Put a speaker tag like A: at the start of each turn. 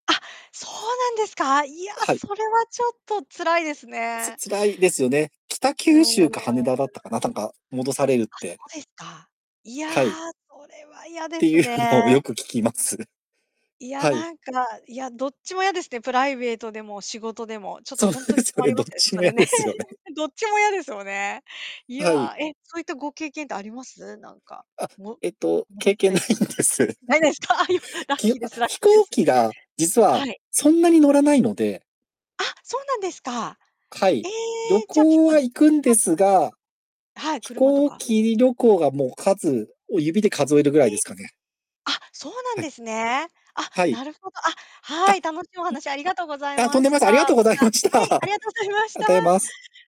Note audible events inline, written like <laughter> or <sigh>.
A: あ、そうなんですか？いや、
B: はい。
A: それはちょっと辛いです
B: つ
A: ね。
B: 辛いですよね。北
A: あ
B: 九州か羽
A: あ。
B: 田だったかな、たんか、戻されるっ
A: あ、
B: て。
A: そうですか。いや、
B: はい。
A: それは嫌
B: っ
A: で
B: て
A: す
B: いうのを
A: ね。
B: よく聞きます。
A: いや、
B: はい。
A: なんか、いや、どっちも嫌ですね、プライベートでも仕事でも。ちょっと
B: そう
A: ほんと
B: で
A: に
B: すよ
A: 困
B: ね、
A: りま
B: どっ
A: すよね、
B: ち
A: そ
B: も嫌
A: れね。
B: ですよね。
A: <laughs> どっちも嫌ですよね。い
B: はい。
A: や、え、そういったご経験ってあります？なんか、
B: あ、
A: も
B: えっと、
A: 戻
B: 経
A: さ
B: 験
A: れ
B: ない
A: た。
B: んです。
A: ないですか、よ
B: <chuckles>
A: ラッ
B: き
A: キ
B: あ、
A: ーですラッ
B: 飛
A: キーで
B: 行
A: す。
B: 機が実は
A: はい。
B: そんなに乗らないので。
A: あ、そうなんですか。
B: は
A: え
B: い。
A: え、
B: 旅
A: じゃ、結
B: 行
A: 構、
B: は
A: 電
B: 行くん
A: 車と
B: です
A: か
B: が、
A: ですか？はい、
B: 飛
A: 車と
B: 行
A: か。
B: 機旅行がもう、数を指で数えるぐらい
A: え
B: で
A: え。
B: すかね。
A: あ、そうなん
B: は
A: で
B: い。
A: すね。あ、
B: はい。
A: なるほど。あ、
B: あ、
A: はい、楽しいお話ありがとうござい
B: う、あ、とん
A: ま
B: でも
A: し
B: ない
A: た。
B: す。あ
A: ま
B: りがとうございまし
A: た、
B: た。
A: はい、ありが
B: あ
A: とうございました。
B: たえます。